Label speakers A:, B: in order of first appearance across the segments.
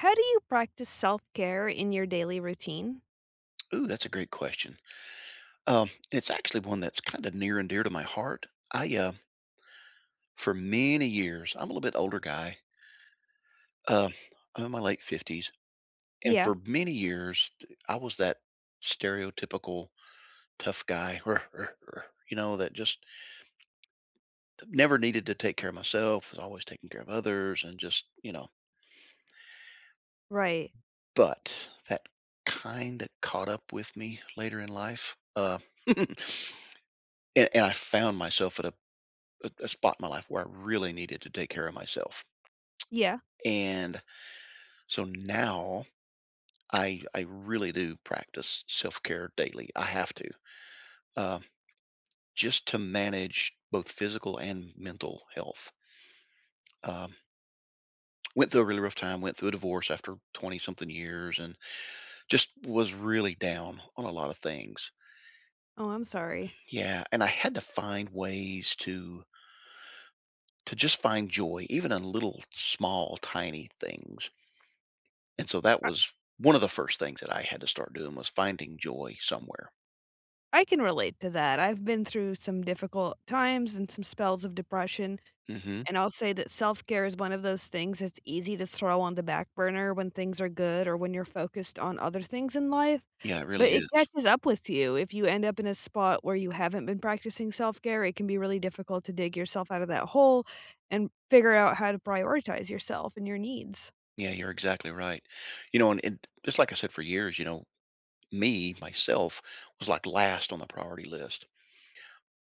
A: How do you practice self-care in your daily routine?
B: Ooh, that's a great question. Um, it's actually one that's kind of near and dear to my heart. I, uh For many years I'm a little bit older guy. Uh, I'm in my late 50s, and
A: Yeah.
B: for many years, d I was that stereotypical tough guy, you know, that just never needed to take care of myself, was always taking care of others, and just, you know?
A: Right.
B: But that kinda caught up with me later in life, uh and and I found myself at a a a spot in my life where I really needed to take care of myself,
A: Yeah.
B: and so now, I I really do practice self-care daily. I have to, um, just to manage both physical and mental health um went through a really rough time, went through a divorce after twenty-something years, and just was really down on a lot of things.
A: Oh, I'm sorry.
B: Yeah, and I had to find ways to to just find joy, even in little, small, tiny things. And so that
A: Uh
B: was one of the first things that I had to start doing, was finding joy somewhere.
A: I can relate to that. I've been through some difficult times and some spells of depression,
B: Mhm.
A: and I'll say that self-care is one of those things that's easy to throw on the back burner when things are good or when you're focused on other things in life,
B: Yeah, it really
A: but it
B: is.
A: catches up with you. If you end up in a spot where you haven't been practicing self-care, it can be really difficult to dig yourself out of that hole and figure out how to prioritize yourself and your needs.
B: Yeah, you're exactly right. You know, and and d just like I said for years, you know, me- myself, was, like, last on the priority list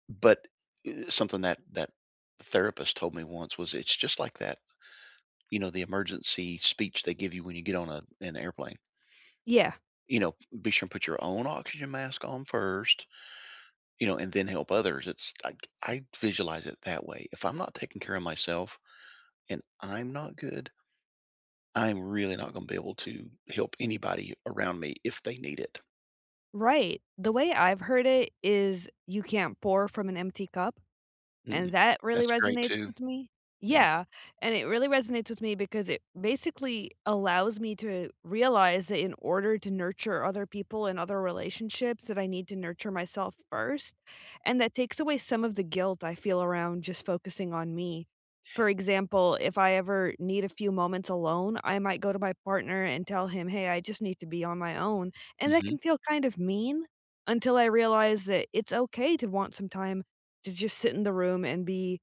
B: but, eh, something that that therapist told me once was it's just like that, you know, the emergency speech they give you when you get on a an airplane,
A: Yeah.
B: you know, "Be sure to put your own oxygen mask on first, you know, and then help others." It's I c I visualize it that way. If I'm not taking care of myself and I'm not good I'm really not gonna be able to help anybody around me if they need it.
A: Right. The way I've heard it is you can't pour from an empty cup,
B: Mm,
A: and that really
B: that's great
A: resonates
B: too.
A: with me.
B: Mm.
A: Yeah, and it really resonates with me because it basically allows me to realize that in order to nurture other people and other relationships that I need to nurture myself first, and that takes away some of the guilt I feel around just focusing on me. For
B: [unintelligible]
A: example, if I ever need a few moments alone, I might go to my partner and tell him, “Hey, I just need to be on my own,” and that can
B: Mhm.
A: feel kind of mean until I realize that it's okay to want some time to just sit in the room and be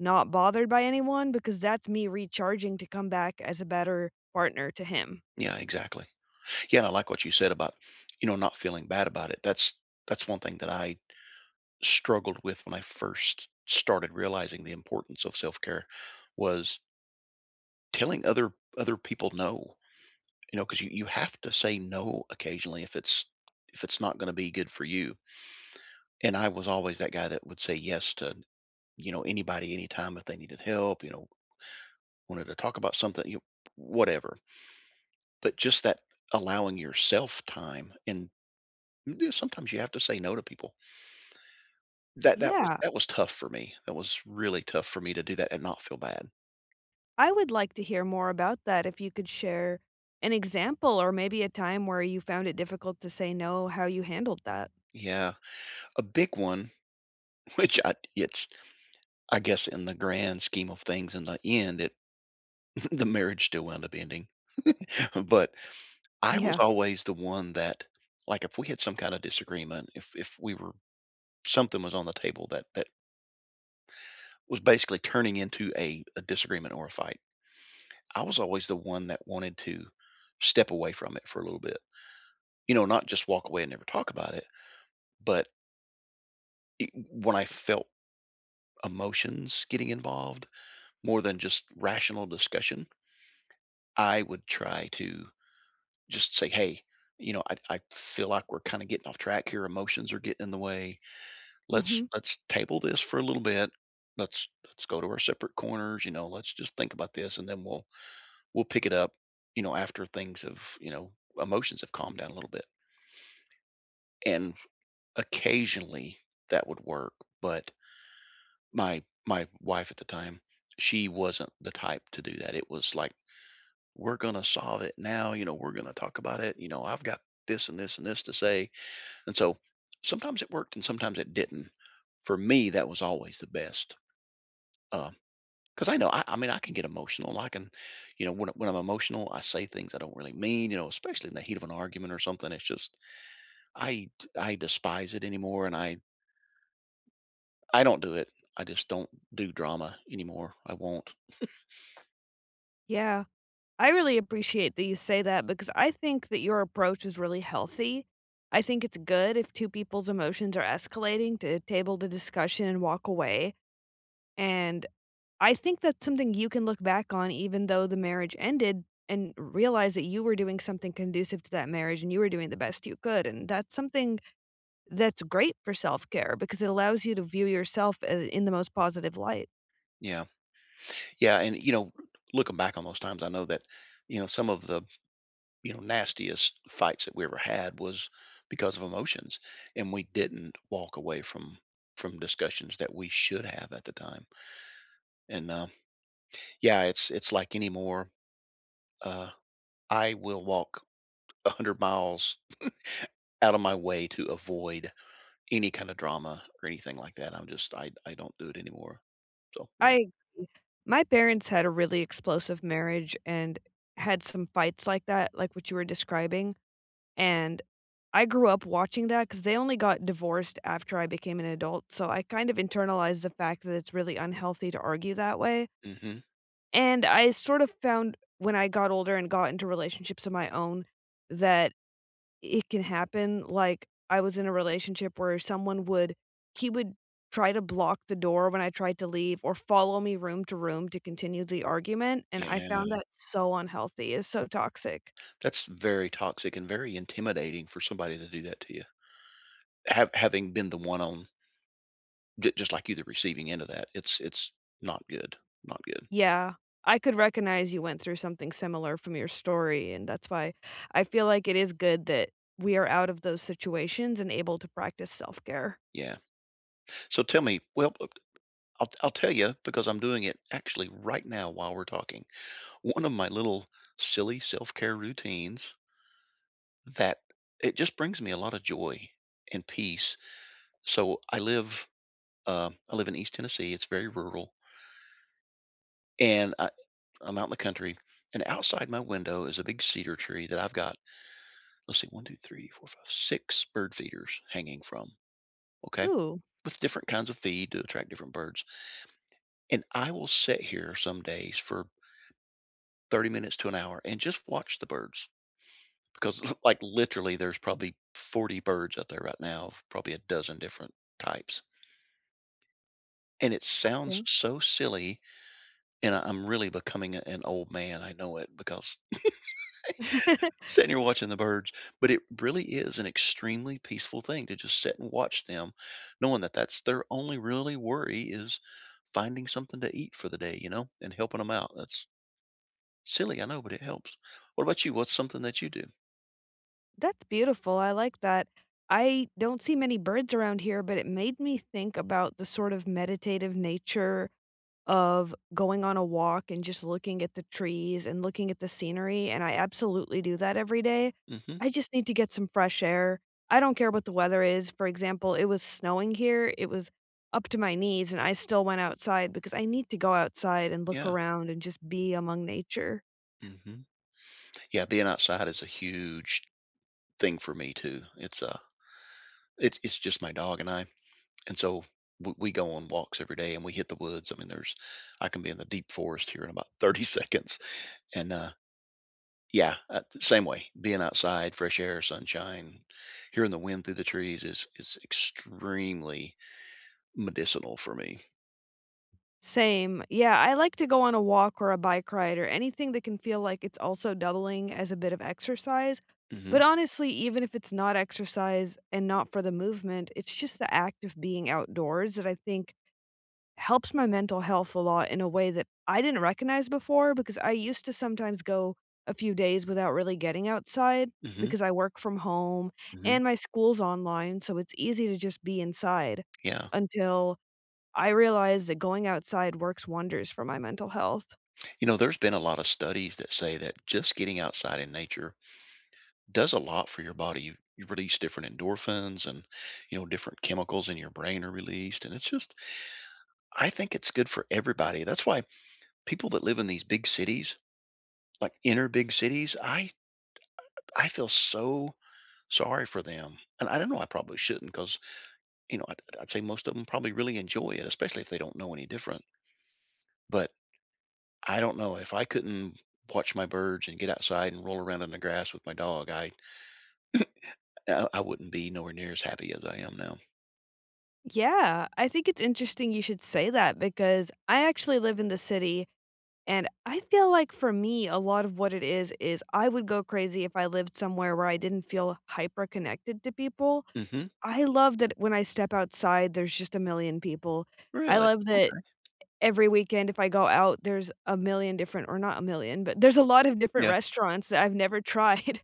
A: not bothered by anyone because that's me recharging to come back as a better partner to him.
B: Yeah, exactly, yeah, and I like what you said about, you know, not feeling bad about it. That's that's one thing that I struggled with when I first started realizing the importance of self care was telling other other people no. You know, 'cause you you have to say no occasionally if it's if it's not gonna be good for you. And I was always that guy that would say yes to, you know, anybody anytime if they needed help, you know wanted to talk about something, you whatever. but, just that allowing yourself time, and and do sometimes you have to say no to people that that was
A: Yeah.
B: that was tough for me. That was really tough for me to do that and not feel bad.
A: I would like to hear more about that if you could share an example or maybe a time where you found it difficult to say no, how you handled that.
B: Yeah. A big one, which at it's I guess in the grand scheme of things in the end it the marriage still wound up ending, but I was
A: Yeah.
B: always the one that like, if we had some kind of disagreement, if if we were something was on the table that that was basically turning into a a disagreement or a fight, I was always the one that wanted to step away from it for a little bit. You know, not just walk away and never talk about it, but e w when I felt emotions getting involved more than just rational discussion, I would try to just say, "Hey, you know, I I feel like we're kinda getting off track here, emotions are getting in the way, let's
A: Mhm.
B: let's table this for a little bit, let's let's go to our separate corners, you know, let's just think about this, and then we'll we'll pick it up, you know, after things have, you know, emotions have calmed down a little bit" and occasionally, that would work, but my my wife at the time, she wasn't the type to do that, it was like, "We're gonna solve it now," you know, "We're gonna talk about it," you know, "I've got this and this and this to say," and so, sometimes it worked, and sometimes it didn't. For me, that was always the best, uh, 'cause I know, I I mean, I can get emotional, I can you know, when when I'm emotional, I say things I don't really mean, you know, especially in the heat of an argument or something, it's just I t I despise it anymore, and I I don't do it. I just don't do drama anymore. I won't.
A: Yeah. I really appreciate that you say that, because I think that your approach is really healthy. I think it's good if two people's emotions are escalating to table the discussion and walk away, and I think that's something you can look back on even though the marriage ended, and realize that you were doing something conducive to that marriage and you were doing the best you could, and that's something that's great for self-care because it allows you to view yourself, uh, in the most positive light.
B: Yeah. Yeah, and, you know, looking back on those times, I know that, you know, some of the, you know, nastiest fights that we ever had was because of emotions, and we didn't walk away from from discussions that we should have at the time and, um, yeah, it's it's like anymore uh, I will walk 100 miles out of my way to avoid any kind of drama or anything like that, I'm just I I don't do it anymore, so,
A: I
B: yeah.
A: ee my parents had a really explosive marriage and had some fights like that, like what you were describing, and I grew up watching that, 'cause they only got divorced after I became an adult, so I kind of internalized the fact that it's really unhealthy to argue that way.
B: Mhm.
A: And I sort of found, when I got older and got into relationships of my own, that it can happen, like, I was in a relationship where someone would he would try to block the door when I tried to leave, or follow me room to room to continue the argument, and I found
B: Yeah.
A: that so unhealthy, it's so toxic.
B: That's very toxic and very intimidating for somebody to do that to you. Hav having been the one on ju just like you, the receiving end of that, it's it's not good, not good.
A: Yeah. I could recognize you went through something similar from your story, and that's why I feel like it is good that we are out of those situations and able to practice self-care.
B: Yeah. So, tell me well, oh I'll I'll tell ya, because I'm doing it, actually right now while we're talking, one of my little, silly self-care routines that it just brings me a lotta joy, and peace. So, I live um, I live in East Tennessee, it's very rural and I I'm out in the country, and outside my window is a big cedar tree that I've got, let's see, 1, 2, 3, 4, 5, 6 bird feeders hanging from, okay?
A: Ooh.
B: With different kinds of feed to attract different birds and I will sit here some days, for 30 minutes to an hour, and just watch the birds, 'cause, like, literally, there's probably 40 birds out there right now, probably a dozen different types. And it sounds
A: Okay.
B: so silly, and I I'm really becoming a an old man, I know it, because sitting here watching the birds, but it really is an extremely peaceful thing to just sit and watch them, knowing that that's their only really worry is finding something to eat for the day, you know, and helping 'em out. That's silly, I know, but it helps. What about you? What's something that you do?
A: That's beautiful, I like that. I don't see many birds around here, but it made me think about the sort of meditative nature of going on a walk and just looking at the trees and looking at the scenery, and I absolutely do that every day.
B: Mhm.
A: I just need to get some fresh air. I don't care what the weather is, for example, it was snowing here, it was up to my knees, and I still went outside because I need to go outside and look
B: Yeah.
A: around and just be among nature.
B: Mhm. Yeah, being outside is a huge thing for me, too. It's a it's it's just my dog and I; and so we we go on walks every day, and we hit the woods, I mean, there's I can be in the deep forest here in about 30 seconds, and, uh yeah, uh, same way. Being outside, fresh air, sunshine, hearing the wind through the trees is is extremely medicinal for me.
A: Same. Yeah, I like to go on a walk or a bike ride, or anything that can feel like it's also doubling as a bit of exercise,
B: Mhm.
A: but honestly, even if it's not exercise, and not for the movement, it's just the act of being outdoors that I think helps my mental health a lot in a way that I didn't recognize before, because I used to sometimes go a few days without really getting outside,
B: Mhm.
A: because I work from home,
B: Mhm.
A: and my school's online, so it's easy to just be inside,
B: Yeah.
A: until I realized that going outside works wonders for my mental health.
B: You know, there's been a lot of studies that say that just getting outside in nature does a lot for your body. You you release different endorphins, and, you know, different chemicals in your brain are released, and it's just I think it's good for everybody. That's why people that live in these big cities, like, inner big cities, I I feel so sorry for them, and I don't know, I probably shouldn't 'cause, you know, I'd I'd say most of 'em probably really enjoy it, especially if they don't know any different But, I don't know, if I couldn't watch my birds and get outside and roll around in the grass with my dog, I I I wouldn't be nowhere near as happy as I am now.
A: Yeah. I think it's interesting you should say that because I actually live in the city, and I feel like for me, a lot of what it is is I would go crazy if I lived somewhere where I didn't feel hyperconnected to people.
B: Mhm.
A: I love that when I step outside, there's just 1,000,000 people. I
B: Really? Okay.
A: love that e every weekend, if I go out, there's 1,000,000 different or not 1,000,000 but there's a lot of different
B: Yeah.
A: restaurants that I've never tried.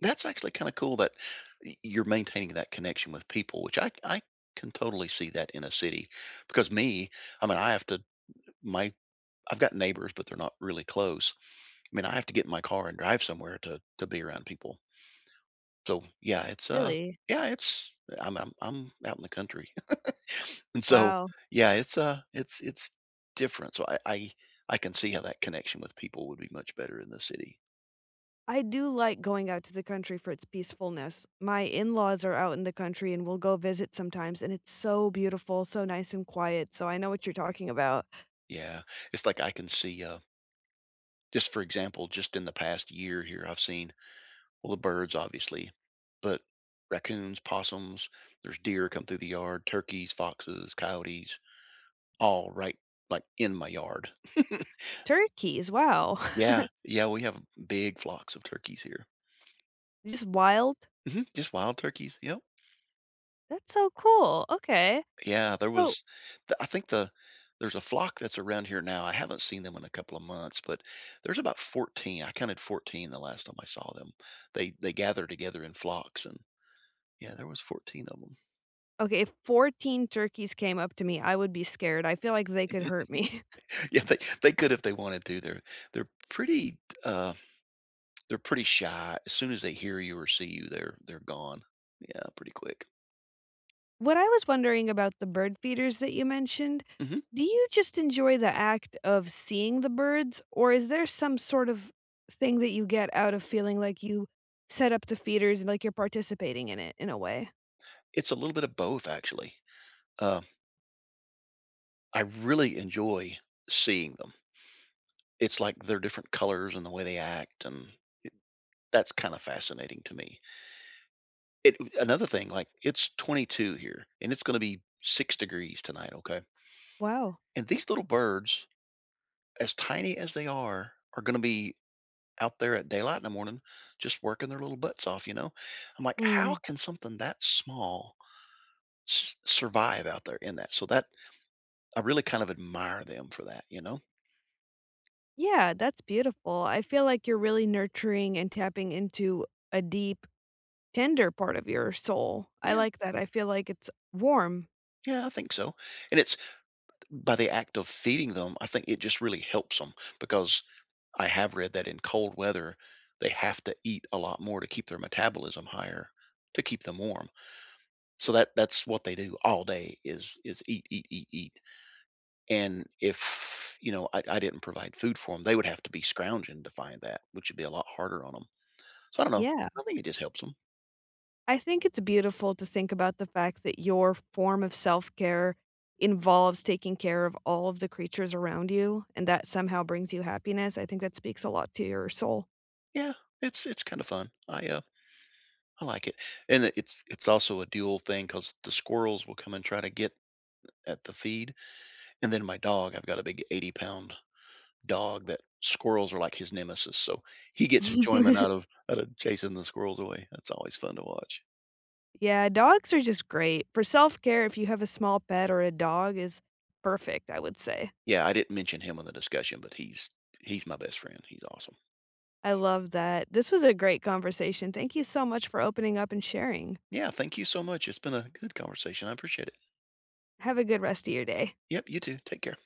B: That's actually kinda cool that y you're maintaining that connection with people, which I c I can totally see that in a city, because me, I mean, I have to my I've got neighbors, but they're not really close. I mean, I have to get in my car and drive somewhere to to be around people. So, yeah, it's, uh,
A: Really?
B: yeah, it's I'm I'm I'm out in the country. And so,
A: Wow.
B: yeah, it's, uh, it's it's different, so I I I can see how that connection with people would be much better in the city.
A: I do like going out to the country for its peacefulness. My in-laws are out in the country, and we'll go visit sometimes, and it's so beautiful, so nice and quiet, so I know what you're talking about.
B: Yeah, it's like I can see, uh just for example, just in the past year here, I've seen well the birds, obviously, but raccoons, possums, there's deer come through the yard, turkeys, foxes, coyotes, all right, like, in my yard.
A: Turkeys, wow.
B: Yeah, yeah, we have m big flocks of turkeys here.
A: Just wild?
B: Mhm, just wild turkeys, yep.
A: That's so cool, okay.
B: Yeah, there
A: So
B: was t I think the there's a flock that's around here now, I haven't seen them in a couple of months, but there's about 14, I counted 14 the last time I saw them. They they gather together in flocks and yeah, there was 14 of 'em.
A: Okay, if 14 turkeys came up to me, I would be scared. I feel like they could hurt me.
B: Yeah. They they could if they wanted to, they're they're pretty t uh they're pretty shy, as soon as they hear you or see you, they're they're gone. Yeah, pretty quick.
A: What I was wondering about the bird feeders that you mentioned,
B: Mhm.
A: do you just enjoy the act of seeing the birds, or is there some sort of thing that you get out of feeling like you set up the feeders and, like, you're participating in it, in a way?
B: It's a little bit of both, actually, uh I really enjoy seeing them. It's like they're different colors and the way they act, and y that's kind of fascinating to me. It uh, another thing, like, it's 22 here, and it's gonna be 6 degrees tonight, okay?
A: Wow.
B: And these little birds, as tiny as they are, are gonna be out there at daylight in the morning, just working their little butts off, you know? I'm like, "How
A: Mm.
B: can something that small s survive out there in that?" So that, I really kind of admire them for that, you know?
A: Yeah, that's beautiful.
B: E
A: I feel like you're really nurturing and tapping into a deep, tender part of your soul. I
B: Yeah.
A: like that, I feel like it's warm.
B: Yeah, I think so, and it's b by the act of feeding them, I think it just really helps 'em because I have read that in cold weather, they have to eat a lot more to keep their metabolism higher to keep them warm. So that that's what they do all day is is eat, eat, eat, eat, and if, you know, I I didn't provide food for 'em, they would have to be scrounging to find that, which would be a lot harder on 'em. So I dunno.
A: Yeah.
B: I think it just helps 'em.
A: I think it's beautiful to think about the fact that your form of self-care involves taking care of all of the creatures around you and that somehow brings you happiness, I think that speaks a lot to your soul.
B: Yeah. It's it's kinda fun. I, uh I like it, and it it's also a dual thing 'cause the squirrels will come and try to get a at the feed, and then my dog I've got a big eighty-pound dog that squirrels are like his nemesis, so he gets enjoyment out of outta chasing the squirrels away. That's always fun to watch.
A: Yeah, dogs are just great. For self-care, if you have a small pet or a dog is perfect, I would say.
B: Yeah. I didn't mention him in the discussion, but he's he's my best friend. He's awesome.
A: I love that. This was a great conversation. Thank you so much for opening up and sharing.
B: Yeah. Thank you so much. It's been a good conversation. I appreciate it.
A: Have a good rest of your day.
B: Yep. You too. Take care.